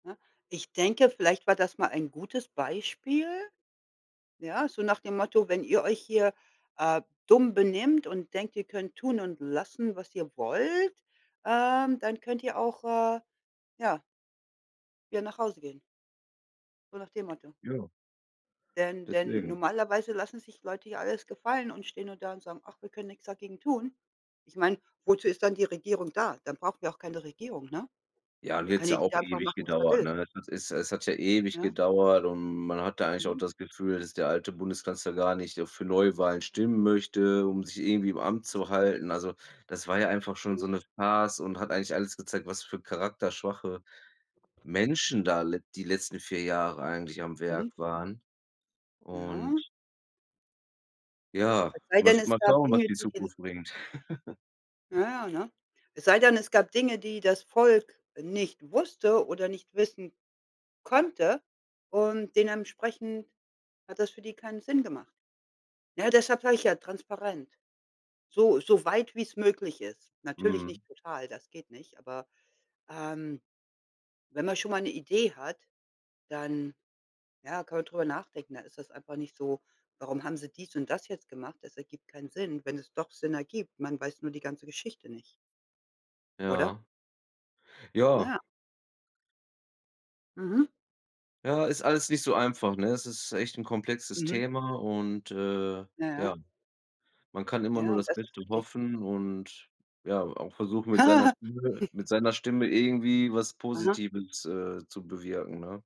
Na. Ich denke, vielleicht war das mal ein gutes Beispiel, ja, so nach dem Motto: „Wenn ihr euch hier, äh, dumm benimmt und denkt, ihr könnt tun und lassen, was ihr wollt, ähm, dann könnt ihr auch“, äh, ja „wieder nach Hause gehen“ so nach dem Motto. Ja. Denn denn Deswegen. normalerweise lassen sich Leute hier alles gefallen und stehen nur da und sagen: „Ach, wir können nix dagegen tun.“ Ich meine, wozu ist dann die Regierung da? Dann brauchen wir auch keine Regierung, ne? Ja, und Dann hier kann hat's ja auch jeder einfach ewig machen, was er gedauert, will. ne? Es es es es hat ja ewig Ja. gedauert und man hat da eigentlich auch Mhm. das Gefühl, dass der alte Bundeskanzler gar nicht, äh, für Neuwahlen stimmen möchte, um sich irgendwie im Amt zu halten. Also, das war ja einfach schon so Mhm. 'ne Farce und hat eigentlich alles gezeigt, was für charakterschwache Menschen da le die letzten 4 Jahre eigentlich am Mhm. Werk waren und Ja. Ja, Es sei mal denn sch es mal gab schauen, was Dinge die die den Zukunft bringt. Na ja, ne? Es sei denn, es gab Dinge, die das Volk nicht wusste oder nicht wissen konnte und dementsprechend hat das für die keinen Sinn gemacht. Ne, deshalb sage ich ja transparent, so so weit wie 's möglich ist. Natürlich Mhm. nicht total, das geht nicht, aber, ähm, wenn man schon mal 'ne Idee hat, dann, ja kann man drüber nachdenken. Da ist es einfach nicht so: „Warum haben sie dies und das jetzt gemacht?" Das ergibt keinen Sinn. Wenn es doch Sinn ergibt, man weiß nur die ganze Geschichte nicht. Oder? Ja. Ja. Ja. Mhm. Ja. Ist alles nicht so einfach, ne? Es ist echt 'n komplexes Mhm. Thema und, äh, Ja, ja, ja. man kann immer Ja, nur das das ist Beste richtig. hoffen und ja auch versuchen, mit seiner Stimme mit seiner Stimme irgendwie was Aha. Positives, äh, zu bewirken, ne?